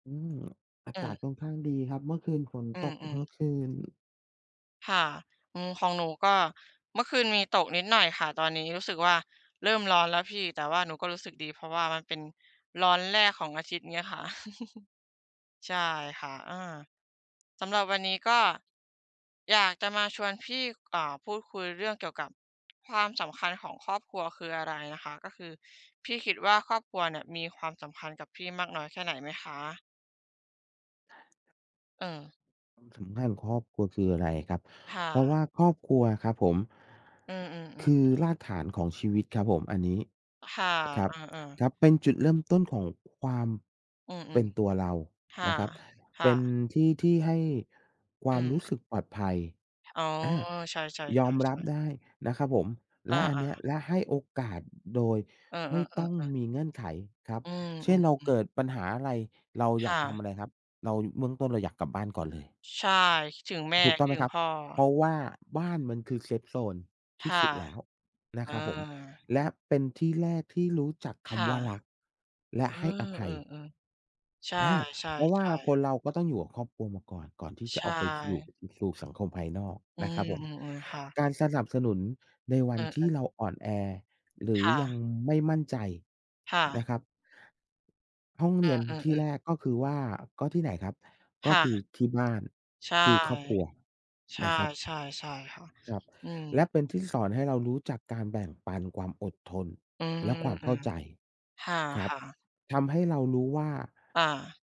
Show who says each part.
Speaker 1: อืม อา
Speaker 2: เ
Speaker 1: กา
Speaker 2: ออ
Speaker 1: ศค่อนข้างดีครับ เมื่อคืนฝน
Speaker 2: อื
Speaker 1: ตกทั
Speaker 2: อ
Speaker 1: ้
Speaker 2: ๆ
Speaker 1: งคืน
Speaker 2: ค่ะ อืม ของหนูก็เมื่อคืนมีตกนิดหน่อยค่ะ ตอนนี้รู้สึกว่าเริ่มร้อนแล้วพี่ แต่ว่าหนูก็รู้สึกดี เพราะว่ามันเป็นร้อนแรกของอาทิตย์เนี้ยค่ะ ใช่ค่ะ อา สำหรับวันนี้ก็ อยากจะมาชวนพี่ ก เอ่อ พูดคุยเรื่องเกี่ยวกับ ความสำคัญของครอบครัวคืออะไรนะคะ? ก็คือพี่คิดว่า ครอบครัวเนี่ยมีความสำคัญกับพี่มากน้อยแค่ไหนไหมคะ? เออ
Speaker 1: ความสำคัญของครอบครัวคืออะไรครับ?
Speaker 2: ค่
Speaker 1: เพราะ
Speaker 2: ะ
Speaker 1: ว่าครอบครัวอะครับผม
Speaker 2: อือ
Speaker 1: ค
Speaker 2: ๆ
Speaker 1: ือ
Speaker 2: ๆ ๆ
Speaker 1: รากฐานของชีวิตครับผม อันนี้
Speaker 2: ค่ะ
Speaker 1: ครั
Speaker 2: เ
Speaker 1: บ
Speaker 2: ออ ๆ
Speaker 1: ครับ เป็นจุดเริ่มต้นของ ความ
Speaker 2: อื
Speaker 1: เป็
Speaker 2: อ
Speaker 1: นตัวเรา
Speaker 2: ๆ ค่
Speaker 1: น
Speaker 2: ะ
Speaker 1: ะครับ
Speaker 2: ค
Speaker 1: เ
Speaker 2: ่
Speaker 1: ป็น
Speaker 2: ะ
Speaker 1: ที่ที่ให้คว
Speaker 2: อ
Speaker 1: า
Speaker 2: ื
Speaker 1: มรู
Speaker 2: ม
Speaker 1: ้สึกปลอดภัย
Speaker 2: อ๋อ
Speaker 1: อา
Speaker 2: ใช่
Speaker 1: ยอมรับ
Speaker 2: ๆ ๆ ๆ
Speaker 1: ได้ นะครับผม
Speaker 2: อ
Speaker 1: และอันเ
Speaker 2: า
Speaker 1: นี้ย
Speaker 2: ๆ
Speaker 1: และให้โอกาสโดย
Speaker 2: เออ
Speaker 1: ไม่ต้อง
Speaker 2: ๆ ๆ ๆ
Speaker 1: มีเงื่อนไขครับ
Speaker 2: อื
Speaker 1: เช่น เราเ
Speaker 2: ม
Speaker 1: ก
Speaker 2: ๆ ๆ
Speaker 1: ิดปัญหาอะไร เรา
Speaker 2: ค
Speaker 1: อยา
Speaker 2: ่
Speaker 1: กทำ
Speaker 2: ะ
Speaker 1: อะไรครับ เรา เบื้องต้นเราอยากกลับบ้านก่อนเลย
Speaker 2: ใช่ คิดถึงแม่
Speaker 1: ถูกต้
Speaker 2: ค
Speaker 1: อ
Speaker 2: ิ
Speaker 1: งไ
Speaker 2: ด
Speaker 1: หม
Speaker 2: ถึ
Speaker 1: ค
Speaker 2: ง
Speaker 1: รับ?
Speaker 2: พ่อ
Speaker 1: เพราะว่าบ้านมันคือ เซฟโซน
Speaker 2: ค
Speaker 1: ที่
Speaker 2: ่ะ
Speaker 1: สุดแล้วน
Speaker 2: เอ
Speaker 1: ะ
Speaker 2: อ
Speaker 1: ครับผม และเป็นที่แรกที่รู้จัก
Speaker 2: ค
Speaker 1: ค
Speaker 2: ่
Speaker 1: ำ
Speaker 2: ะ
Speaker 1: ว่ารักและ
Speaker 2: เออ
Speaker 1: ให้อภ
Speaker 2: เอ
Speaker 1: ัย
Speaker 2: อ ๆ ใช
Speaker 1: อา เพราะว่า
Speaker 2: ่
Speaker 1: ค
Speaker 2: ๆ ๆ
Speaker 1: นเราก็ต้องอยู่กับครอบครัวมาก่อน ก่อนที่
Speaker 2: ใ
Speaker 1: จ
Speaker 2: ช
Speaker 1: ะออกไป ส อยู่
Speaker 2: ่
Speaker 1: สู่สังคมภายนอก
Speaker 2: อื
Speaker 1: นะครับผม
Speaker 2: ม ๆ ๆ ค่ะ
Speaker 1: การสนับสนุนในว
Speaker 2: เ
Speaker 1: ั
Speaker 2: อ
Speaker 1: นที่
Speaker 2: อ ๆ
Speaker 1: เราอ่อนแอ หรื
Speaker 2: ค
Speaker 1: อ
Speaker 2: ่
Speaker 1: ยั
Speaker 2: ะ
Speaker 1: งไม่มั่นใจ
Speaker 2: ค่
Speaker 1: น
Speaker 2: ะ
Speaker 1: ะครับ ห้อง
Speaker 2: เ
Speaker 1: เรียน
Speaker 2: อ
Speaker 1: ที่
Speaker 2: อ ๆ ๆ
Speaker 1: แรกก็คือว่า ก็ที่ไหนครับ?
Speaker 2: ค
Speaker 1: ก็
Speaker 2: ่ะ
Speaker 1: คือที่บ้าน
Speaker 2: ใช่
Speaker 1: คือครอบครัว
Speaker 2: ใช่
Speaker 1: นะครับ
Speaker 2: ๆ ใช่ค่ะ
Speaker 1: ครับ
Speaker 2: อื
Speaker 1: และ
Speaker 2: ม
Speaker 1: เป็นที่สอนให้เรารู้จักการแบ่งปัน ความอดทน
Speaker 2: อืม
Speaker 1: และความ
Speaker 2: อ
Speaker 1: เ
Speaker 2: ื
Speaker 1: ข้า
Speaker 2: ม
Speaker 1: ใจ
Speaker 2: ค
Speaker 1: ครับ
Speaker 2: ่ะ ๆ
Speaker 1: ทำให้เรารู้ว่า
Speaker 2: อา